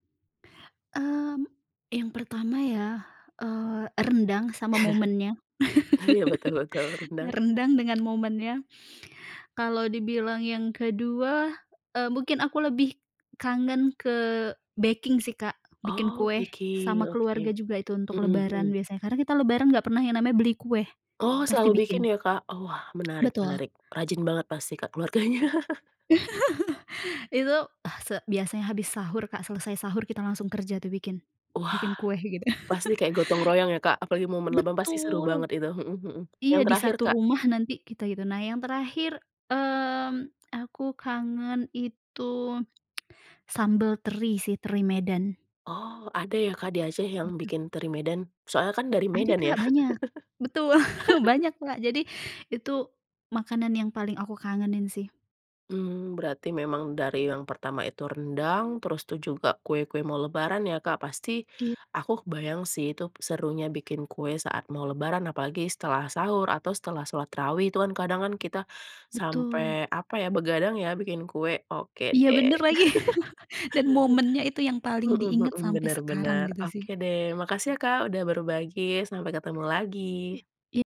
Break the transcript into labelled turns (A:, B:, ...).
A: Mmm, yang pertama ya, eee, rendang sama momennya.
B: Iya, betul betul, rendang.
A: Rendang dengan momennya. Kalau dibilang yang kedua, eee, mungkin aku lebih kangen ke baking sih, Kak. Bikin
B: Oh
A: kue, sama
B: bikin,
A: keluarga
B: oke,
A: juga itu untuk
B: mhm
A: Lebaran
B: mhm.
A: biasanya. Karena kita Lebaran nggak pernah yang namanya beli kue,
B: Oh,
A: pasti
B: selalu bikin
A: bikin.
B: ya, Kak? Oh, wah, menarik
A: Betul.
B: menarik. Rajin banget pasti, Kak, keluarganya.
A: Itu ah, se biasanya habis sahur, Kak, selesai sahur kita langsung kerja tuh bikin
B: Wah,
A: bikin kue gitu.
B: pasti kayak gotong-royong ya, Kak? Apalagi momen Lebaran pasti seru
A: Betul!
B: banget itu, mhm mhm. Yang
A: Iya, di
B: terakhir,
A: satu
B: Kak?
A: rumah nanti kita gitu. Nah, yang terakhir, mmm, aku kangen itu sambal teri sih, teri Medan.
B: Oh, ada ya, Kak, di Aceh yang
A: Gitu.
B: bikin teri Medan, soalnya kan dari
A: Ada
B: Medan ya?
A: Kak, banyak. Betul banyak, Kak. Jadi itu makanan yang paling aku kangenin sih.
B: Mmm, berarti memang dari yang pertama itu rendang, terus tuh juga kue-kue mau Lebaran ya, Kak. Pasti
A: It
B: aku kebayang sih, itu serunya bikin kue saat mau Lebaran, apalagi setelah sahur atau setelah sholat tarawih, tuh kan kadang kan kita sampai,
A: Betul.
B: apa ya, begadang ya, bikin kue, oke
A: Iya
B: deh.
A: bener lagi. Dan momennya itu yang paling
B: Mhm
A: diingat
B: mhm,
A: sampai
B: benar
A: sekarang
B: benar.
A: gitu sih.
B: Oke deh, makasih ya, Kak, udah berbagi, sampai ketemu
A: I
B: lagi!
A: i